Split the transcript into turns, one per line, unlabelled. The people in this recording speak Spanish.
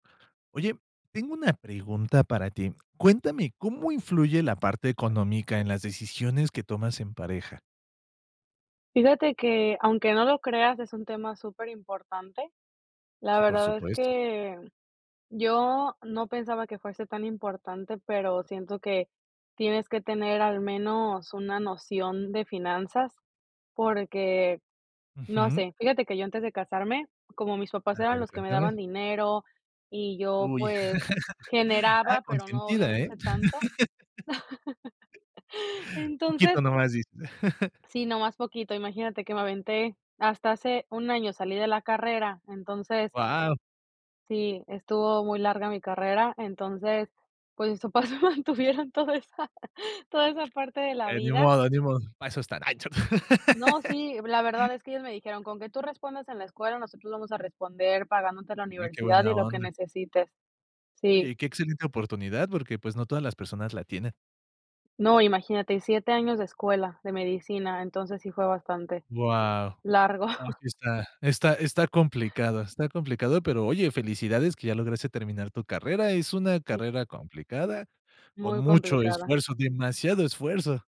Oye, tengo una pregunta para ti. Cuéntame, ¿cómo influye la parte económica en las decisiones que tomas en pareja?
Fíjate que, aunque no lo creas, es un tema superimportante. La
Sí, por
verdad es
supuesto.
que yo no pensaba que fuese tan importante, pero siento que, tienes que tener al menos una noción de finanzas, porque no
Ujú.
sé, fíjate que yo antes de casarme, como mis papás
A
eran
ver,
los que me daban
cuéntame.
dinero y yo,
Uy,
pues
ah,
generaba, pero no
consentida, ¿eh?
obviamente tanto.
Poquito
Entonces
nomás dice.
sí, nomás poquito imaginate que me aventé hasta hace un año salí de la carrera. Entonces,
Guau.
sí, estuvo muy larga mi carrera, entonces, pues mis papás me mantuvieron toda esa toda esa parte de la
Eh, ni
vida.
modo, ni modo. Para eso están, ay, cho
No, sí, la verdad es que ellos me dijeron: "Con que tú respondas en la escuela, nosotros vamos a responder pagándote la
Y que
universidad y
buena
lo que
onda.
necesites". Sí.
Oye, que excelente oportunidad, porque, pues, no todas las personas la tienen.
No, imagínate, 7 años de escuela, de medicina, entonces sí fue bastante
Guau,
largo.
ah, sí está está está complicado está complicado, pero oye, felicidades que ya lograste terminar tu carrera. Es una
Sí.
carrera complicada. Con
Muy
mucho
complicada.
esfuerzo, demasiado esfuerzo.